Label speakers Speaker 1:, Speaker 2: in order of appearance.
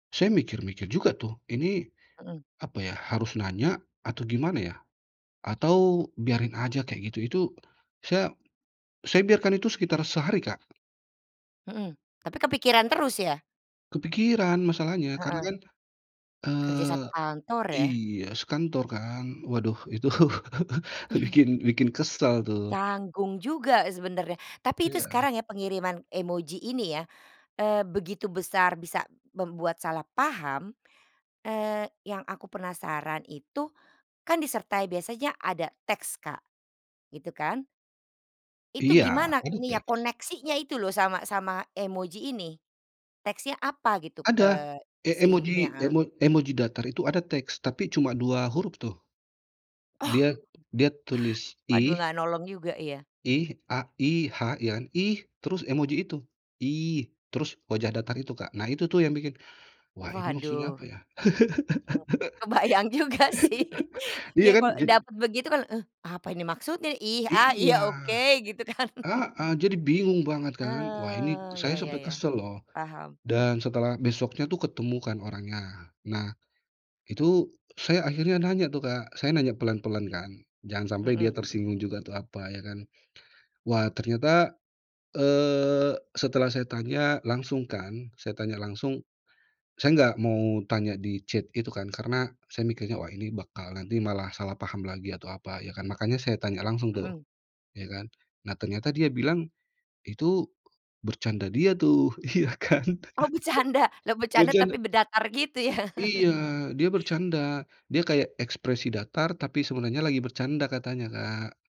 Speaker 1: Saya mikir-mikir juga tuh, "ini
Speaker 2: Mhm.
Speaker 1: apa ya, harus nanya atau gimana ya? Atau biarin aja kayak gitu?" Itu saya saya biarkan itu sekitar sehari, Kak.
Speaker 2: Mhm, tapi kepikiran terus ya?
Speaker 1: Kepikiran masalahnya. Karena
Speaker 2: Heeh.
Speaker 1: kan,
Speaker 2: Kerja
Speaker 1: eee
Speaker 2: satu kantor ya.
Speaker 1: iya, sekantor kan, waduh itu
Speaker 2: Mhm.
Speaker 1: bikin bikin kesal tuh.
Speaker 2: Canggung juga sebenarnya. Tapi itu
Speaker 1: Iya.
Speaker 2: sekarang ya pengiriman emoji ini ya, eee, begitu besar bisa membuat salah paham, eee, yang aku penasaran itu, kan disertai biasanya ada teks Kak, gitu kan? Itu
Speaker 1: Iya,
Speaker 2: gimana
Speaker 1: kan
Speaker 2: nih ya
Speaker 1: teks.
Speaker 2: koneksinya itu loh sama sama emoji ini? Teksnya apa gitu,
Speaker 1: Ada!
Speaker 2: eee,
Speaker 1: E emoji,
Speaker 2: isinya? Heeh.
Speaker 1: emo emoji datar itu ada teks, tapi cuma 2 huruf tuh,
Speaker 2: Oh!
Speaker 1: dia dia tulis,
Speaker 2: Waduh,
Speaker 1: "ih".
Speaker 2: nggak nolong juga ya.
Speaker 1: "Ih", a I-H, iya kan, "ih", terus emoji itu, "ih" terus wajah datar itu Kak. Nah itu tuh yang bikin, "wah ini maksudnya
Speaker 2: Waduh.
Speaker 1: apa ya?"
Speaker 2: Oh. Kebayang juga sih.
Speaker 1: Iya
Speaker 2: Ya
Speaker 1: kan.
Speaker 2: kalau
Speaker 1: Jadi
Speaker 2: dapat begitu kan, "Eh apa ini maksudnya? Ih, ah,
Speaker 1: Iya.
Speaker 2: iya oke", gitu kan.
Speaker 1: Heeh, jadi bingung banget kan, wah ini
Speaker 2: Ah, iya
Speaker 1: saya
Speaker 2: iya
Speaker 1: sampai
Speaker 2: iya,
Speaker 1: kesel loh,
Speaker 2: paham.
Speaker 1: dan setelah besoknya tuh ketemu kan orangnya, nah itu saya akhirnya nanya tuh Kak, saya nanya pelan-pelan kan, jangan sampai dia
Speaker 2: Mhm.
Speaker 1: tersinggung juga tuh, apa ya kan, wah ternyata, eee, setelah saya tanya langsung kan, saya tanya langsung, saya nggak mau tanya di chat itu kan, karena saya mikirnya, wah ini bakal nanti malah salah paham lagi atau apa, ya kan, makanya saya tanya langsung tuh,
Speaker 2: Mhm.
Speaker 1: ya kan. Nah ternyata dia bilang itu bercanda dia tuh, iya kan,
Speaker 2: Oh becanda? Lah becanda tapi
Speaker 1: bercanda
Speaker 2: be datar gitu ya.
Speaker 1: Iya dia bercanda. Dia kayak ekspresi datar, tapi sebenarnya lagi bercanda katanya, Kak.